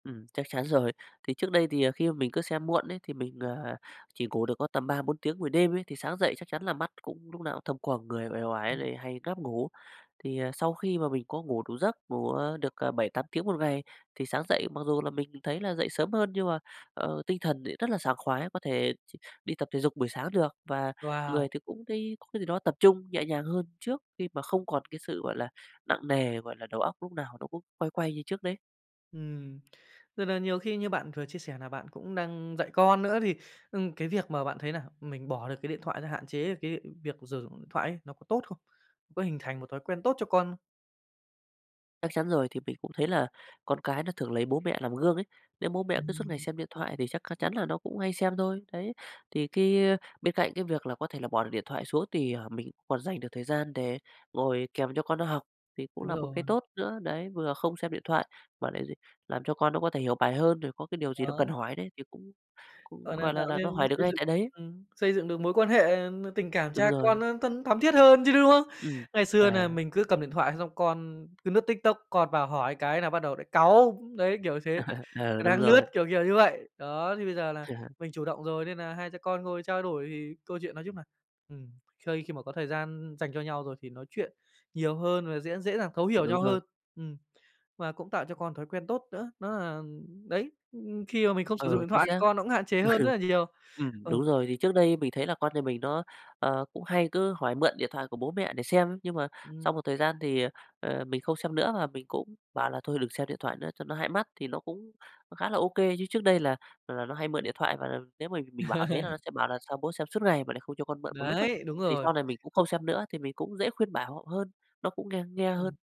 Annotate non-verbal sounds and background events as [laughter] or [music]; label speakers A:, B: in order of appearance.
A: Ừm, chắc chắn rồi. Thì trước đây thì, ờ, khi mà mình cứ xem muộn ấy, thì mình, à, chỉ ngủ được có tầm 3-4 tiếng buổi đêm ấy, thì sáng dậy chắc chắn là mắt cũng lúc nào cũng thâm quầng, người uể oải
B: Ừm.
A: lại hay ngáp ngủ. Thì, ờ, sau khi mà mình có ngủ đủ giấc, ngủ, ờ, được, ờ, 7-8 tiếng một ngày thì sáng dậy mặc dù là mình thấy là dậy sớm hơn, nhưng mà, ờ, tinh thần lại rất là sảng khoái, có thể ch đi tập thể dục buổi sáng được. Và người
B: Wow!
A: thì cũng thấy có cái gì đó tập trung nhẹ nhàng hơn trước, khi mà không còn cái sự, gọi là, nặng nề, gọi là, đầu óc lúc nào nó cũng quay quay như trước đấy.
B: Ừm, tức nà nhiều khi như bạn vừa chia sẻ nà bạn cũng đang dạy con nữa, thì, ừm, cái việc mà bạn thấy là mình bỏ được cái điện thoại ra, hạn chế cái việc sử dụng điện thoại ấy, nó có tốt không? Có hình thành một thói quen tốt cho con không?
A: Chắc chắn rồi. Thì mình cũng thấy là con cái nó thường lấy bố mẹ làm gương ấy. Nếu bố mẹ cứ suốt ngày
B: Ừm.
A: xem điện thoại thì chắc c chắn là nó cũng hay xem thôi, đấy. Thì cái bên cạnh cái việc là có thể là bỏ được điện thoại xuống, thì, ờ, mình còn dành được thời gian để ngồi kèm cho con nó học thì cũng
B: Đúng
A: là một cái
B: rồi.
A: tốt nữa. Đấy, vừa không xem điện thoại mà lại làm cho con nó có thể hiểu bài hơn, rồi có cái điều gì nó
B: Đó.
A: cần hỏi đấy thì cũng cũng
B: Gọi là
A: gọi là
B: tạo
A: là nó
B: nên,
A: hỏi được
B: xây
A: ngay
B: dựng
A: tại đấy.
B: ừm, xây dựng được mối quan hệ, ờ, tình cảm
A: Đúng
B: cha con
A: rồi.
B: nó thân thắm thiết hơn chứ, đúng không?
A: Ừm.
B: Ngày xưa nà
A: À.
B: mình cứ cầm điện thoại xong con cứ lướt TikTok, con vào hỏi cái là bắt đầu lại cáu. Đấy, kiểu thế,
A: [laughs] Ờ,
B: ờ,
A: đúng
B: đang lướt,
A: rồi.
B: kiểu kiểu như vậy. Đó, thì bây giờ là
A: [laughs]
B: mình chủ động rồi, nên nà hai cha con ngồi trao đổi thì câu chuyện nói chung là, ừm, khơi khi mà có thời gian dành cho nhau rồi thì nói chuyện nhiều hơn và dễ dễ dàng thấu hiểu
A: Đúng
B: nhau
A: rồi.
B: hơn. Ừm. Và cũng tạo cho con thói quen tốt nữa, đó là đấy, ừm, khi mà mình không sử dụng
A: Ờ,
B: điện
A: chính
B: thoại thì
A: xác.
B: con nó cũng hạn chế hơn rất
A: [laughs]
B: là nhiều.
A: Ừm,
B: Ừ.
A: đúng rồi. Thì trước đây mình thấy là con nhà mình nó, ờ, cũng hay cứ hỏi mượn điện thoại của bố mẹ để xem, nhưng mà sau
B: Ừm.
A: một thời gian thì, ờ, ờ, mình không xem nữa và mình cũng bảo là "Thôi đừng xem điện thoại nữa cho nó hại mắt", thì nó cũng nó khá là ô kê. Chứ trước đây là là là nó hay mượn điện thoại, và nếu mà mình mình bảo thế là nó
B: [laughs]
A: sẽ bảo là "Sao bố xem suốt ngày mà lại không cho con mượn một lúc ấy."
B: Đấy, đúng
A: Thì
B: rồi.
A: sau này mình cũng không xem nữa thì mình cũng dễ khuyên bảo hơn, nó cũng nghe nghe hơn.
B: Ừm.